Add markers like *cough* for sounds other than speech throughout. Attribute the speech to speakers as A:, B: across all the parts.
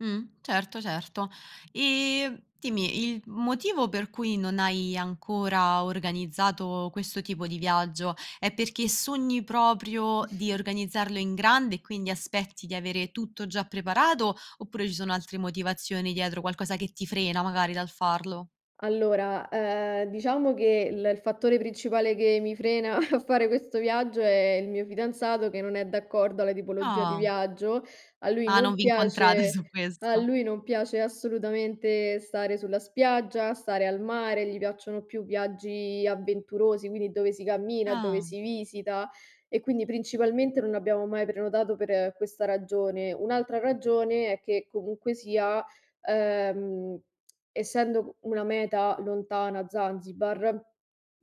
A: Mh. Certo, certo. E dimmi, il motivo per cui non hai ancora organizzato questo tipo di viaggio, è perché sogni proprio
B: *chuckles*
A: di organizzarlo in grande, e quindi aspetti di avere tutto già preparato; oppure ci sono altre motivazioni dietro, qualcosa che ti frena magari dal farlo?
B: Allora, ehm, diciamo che l il fattore principale che mi frena, *chuckles* a fare questo viaggio, è il mio fidanzato che non è d'accordo alla tipologia di
A: Ah.
B: viaggio. A lui
A: Ah, non
B: non
A: vi incontrate
B: piace
A: su
B: al
A: questo.
B: lui non piace assolutamente stare sulla spiaggia, stare al mare, gli piacciono più viaggi avventurosi, quindi dove si cammina, dove
A: Ah.
B: si visita e quindi principalmente non abbiamo mai prenotato per questa ragione. Un'altra ragione, è che comunque sia, ehm, *tsk* essendo una meta lontana, Zanzibar,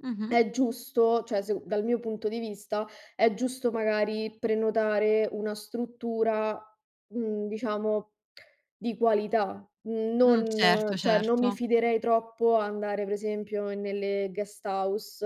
A: Mh-mh.
B: è giusto cioè, sec dal mio punto di vista, è giusto, magari prenotare una struttura, mhmm, diciamo, *clicks tongue* di qualità.
A: Mh,
B: Non
A: certo,
B: cioè non mi
A: certo.
B: fiderei troppo andare, per esempio, nelle guest house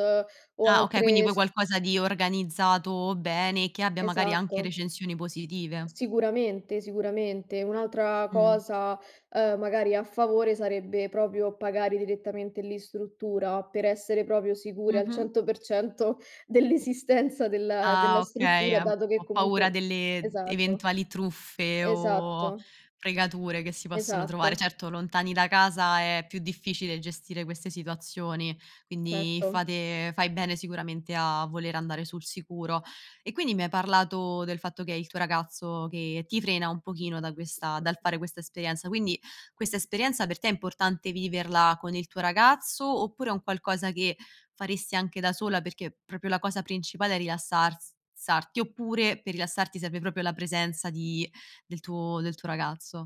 B: o
A: Ah, okay, quindi
B: altre
A: vuoi
B: s
A: qualcosa di organizzato bene, e che abbia magari anche
B: Esatto.
A: recensioni positive.
B: Sicuramente, sicuramente. Un'altra
A: Mh.
B: cosa, uhm, magari a favore, sarebbe proprio pagare direttamente lì in struttura, per essere proprio sicuri al
A: Mh-mh.
B: 100% dell'esistenza della
A: Ah,
B: della
A: okay,
B: struttura,
A: ehm,
B: dato che
A: "Ho paura
B: comunque
A: delle
B: esatto.
A: eventuali truffe, o
B: Esatto.
A: fregature che si possono trovare."
B: Esatto.
A: Certo, lontani da casa è più difficile gestire queste situazioni, quindi,
B: Certo.
A: fate fai bene sicuramente a voler andare sul sicuro. E quindi mi hai parlato del fatto che è il tuo ragazzo che ti frena un pochino, da questa dal fare questa esperienza; quindi, questa esperienza per te è importante viverla con il tuo ragazzo, oppure è un qualcosa che faresti anche da sola? Perché proprio la cosa principale è rilassars sarti, oppure per rilassarti serve proprio la presenza di del tuo del tuo ragazzo.